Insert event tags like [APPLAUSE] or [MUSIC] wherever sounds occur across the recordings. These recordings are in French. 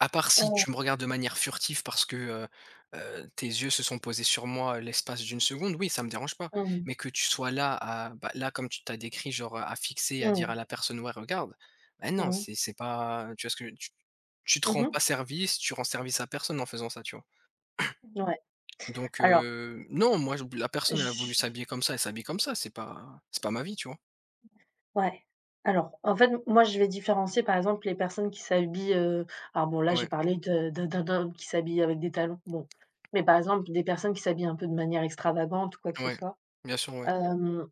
À part si Heu. tu me regardes de manière furtif parce que, heu heu, tes yeux se sont posés sur moi l'espace d'une seconde, oui, ça me dérange pas, Mmh. mais que tu sois là, à bah là, comme tu tu as décrit, genre, heu, à fixer, à dire à Mmh. la personne: «Ouais, regarde». Ben non, Mmh. c'est c'est pas, heu, tu vois? Ce que tu tu te Mmh rends mh. pas service, tu rends service à personne en faisant ça, tu vois? Ouais. [CLEARS THROAT] Donc Alors heu, non, moi, je b la personne elle a voulu j' s'habiller comme ça, elle s'habille comme ça, c'est pas c'est pas ma vie, tu vois? Ouais. Alors, en fait, m moi je vais différencier par exemple les personnes qui s'habillent, heu alors bon là, je vais Ouais. parler de de d'un d'un homme, qui s'habille avec des talons, bon, mais par exemple des personnes qui s'habillent un peu de manière extravagante ou quoi que ce Ouais, soit. bien sûr, mouais. Hem.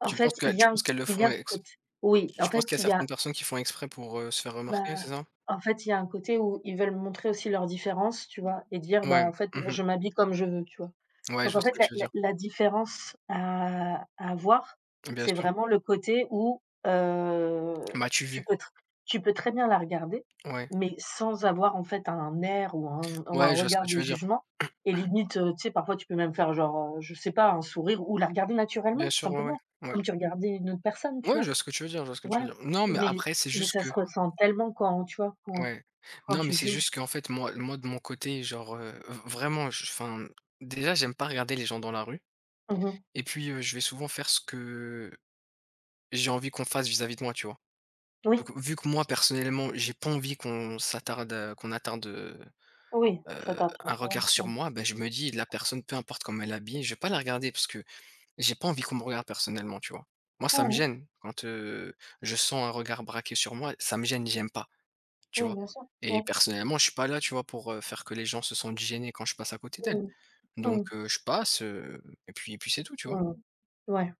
En Tu penses fait, que, heu, il y tu a un penses c qu'elles le il y font, a un ex côte oui en tu penses fait qu'il y a il y certaines a personnes qui font exprès pour, heu, se faire bah, remarquer, c'est ça? en fait il y a un côté où ils veulent montrer aussi leurs différences, tu vois? Et dire: «Bah, Mouais. en fait, Mmh non, mh. je m'habille comme je veux», tu vois? Ouais, Donc je en vois ce fait, que la tu veux la dire. la différence, heu, à voir, Bien c'est sûr. vraiment le côté où, heu, M'as-tu tu vu? peux tr tu peux très bien la regarder, Ouais. mais sans avoir en fait un air ou un ou un Ouais, je vois ce regard que de tu veux dire. jugement, et [COUGHS] limite, heu, tu sais, parfois, tu peux même faire genre, heu, je sais pas, un sourire ou la regarder Bien naturellement, tout sûr, ouais, simplement, ouais. Ouais. comme tu regardais une autre personne, tu Ouais, je vois? vois ce que tu veux dire, je vois ce que tu veux Voilà, dire. Non, mais mais- après, c'est mais juste ça se que ressent tellement quand, tu vois? Quand Ouais. quand Non, mais tu c'est juges. juste qu'en fait, moi, le moi de mon côté, genre, heu, v vraiment j enfin, déjà, j'aime pas regarder les gens dans la rue, Mmh mh. et puis, heu, je vais souvent faire ce que, heu, j'ai envie qu'on fasse vis-à-vis de moi, tu vois? Oui. Donc vu que moi personnellement j'ai pas envie qu'on s'attarde, heu, qu'on attarde, heu Oui, c'est heu, important un à regard sur faire. moi, ben je me dis la personne, peu importe comment elle est habillée, je vais pas la regarder parce que j'ai pas envie qu'on me regarde personnellement, tu vois? Moi, ça me Mmh mh. gêne quand, heu, je sens un regard braqué sur moi, ça me gêne, j'aime pas, tu Oui, vois? bien sûr. Et Ouais. personnellement, je suis pas là, tu vois? Pour, heu, faire que les gens se sentent gênés quand je passe à côté Mmh d'elles, mh. donc Mmh. heu, je passe, heu, et puis et puis c'est tout, tu vois? Mmh mh, ouais.